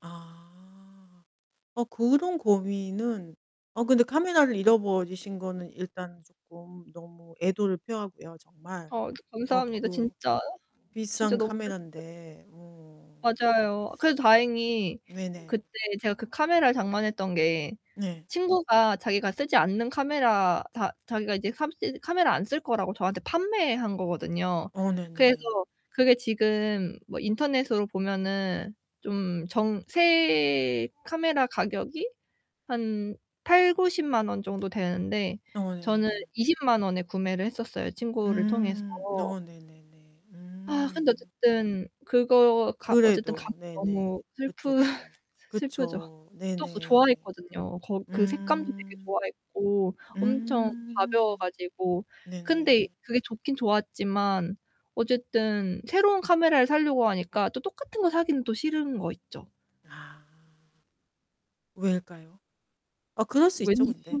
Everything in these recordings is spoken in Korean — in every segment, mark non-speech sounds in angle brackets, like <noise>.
아. 어, 그런 고민은 어, 근데 카메라를 잃어버리신 거는 일단 쪼끔 너무 애도를 표하고요, 정말. 아 어 감사합니다. 그 진짜 진짜 비싼 너무 슬펐어요. 카메란데. 어. 맞아요. 그래도 다행히 네네. 그때 제가 그 카메라를 장만했던 게 네. 친구가 자기가 쓰지 않는 카메라 자 자기가 이제 캄쓰 카메라 안 쓸 거라고 저한테 판매한 거거든요. 어, 그래서 네네. 그게 지금 뭐 인터넷으로 보면은 좀 정 새 카메라 가격이 한 800,000-900,000 원 정도 되는데 어 저는 네. 200,000 원에 구매를 했었어요, 친구를 통해서. 음. 어 네네네. 아, 근데 음. 어쨌든 그거 가 어쨌든 가 그래도. <unintelligible> 네네. 너무 그쵸 슬프 그쵸. <laughs> 스 슬프죠. 그쵸. 또 그거 네네. 좋아했거든요. 그 색감도 되게 음. 좋아했고 엄청 가벼워 음. 가지고. 근데 네네. 그게 좋긴 좋았지만 어쨌든 새로운 카메라를 살려고 하니까 또 똑같은 거 사기는 또 싫은 거 있죠. 아. 왜일까요? 아, 그럴 수 있죠, 왠지 근데.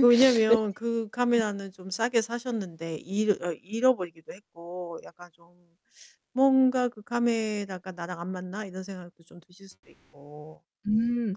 그 <laughs> 왠지 왜냐면 그 그 카메라는 좀 싸게 사셨는데 잃어 어, 잃어버리기도 했고 약간 좀 <sucks teeth> '뭔가 그 카메라가 나랑 안 맞나?' 이런 생각도 좀 드실 수도 있고. 음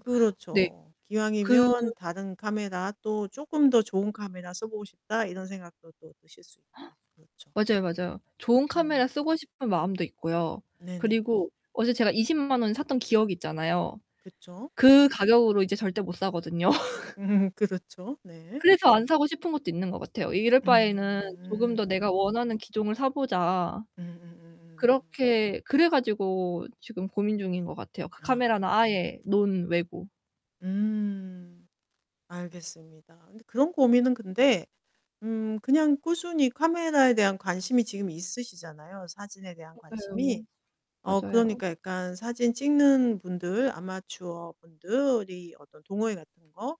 네. 그 기왕이면 다른 카메라 또 '쪼끔 더 좋은 카메라 써보고 싶다.' 이런 생각도 또 드실 수 있고. <gasps> 그렇죠. 맞아요, 맞아요. 좋은 음. 카메라 쓰고 싶은 마음도 있고요. 네네. 그리고 어제 제가 200,000 원에 샀던 기억이 있잖아요. 그쵸. 그 가격으로 이제 절대 못 사거든요. <laughs> 음 그렇죠, 네. 그래서 안 사고 싶은 것도 있는 것 같아요. '이럴 바에는 조금 더 내가 음. 원하는 기종을 사보자.' 음음음음. 그렇게 그래 가지고 지금 고민중인 것 같아요. 그 카메라는 아. 아예 논외고. 음. 알겠습니다. 근데 그런 고민은 근데 음 그냥 꾸준히 카메라에 대한 관심이 지금 있으시잖아요, 사진에 대한 맞아요. 관심이. 어, 맞아요. 그러니까 약간 사진 찍는 분들 아마추어분들이 어떤 동호회 같은 거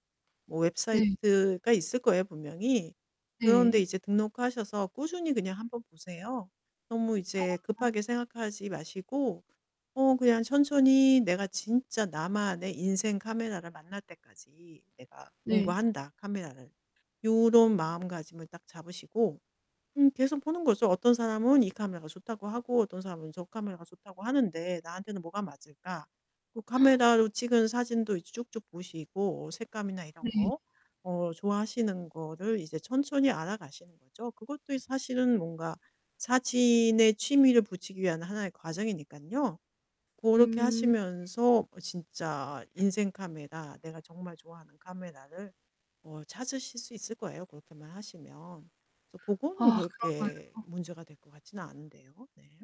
뭐 네. 웹사이트가 있을 거예요, 분명히. 그런 데 네. 이제 등록하셔서 꾸준히 그냥 한번 보세요. 너무 이제 아. 급하게 생각하지 마시고 어 그냥 천천히 '내가 진짜 나만의 인생 카메라를 만날 때까지 내가 네. 공부한다, 카메라를.' 요런 마음가짐을 딱 잡으시고. 음 계속 보는 거죠. '어떤 사람은 이 카메라가 좋다고 하고 어떤 사람은 저 카메라가 좋다고 하는데 나한테는 뭐가 맞을까?' 그 <gasps> 카메라로 찍은 사진도 이제 쭉쭉 보시고 색감이나 이런 네. 거. 어 좋아하시는 거를 이제 천천히 알아가시는 거죠. 그것도 이 사실은 뭔가 사진에 취미를 붙이기 위한 하나의 과정이니깐요. 그렇게 음. 하시면서 어 진짜 인생 카메라. 내가 정말 좋아하는 카메라를 어 찾으실 수 있을 거예요, 그렇게만 하시면. 그래서 그거는 아 그렇게 그런가요. 문제가 될 것 같지는 않은데요. 네.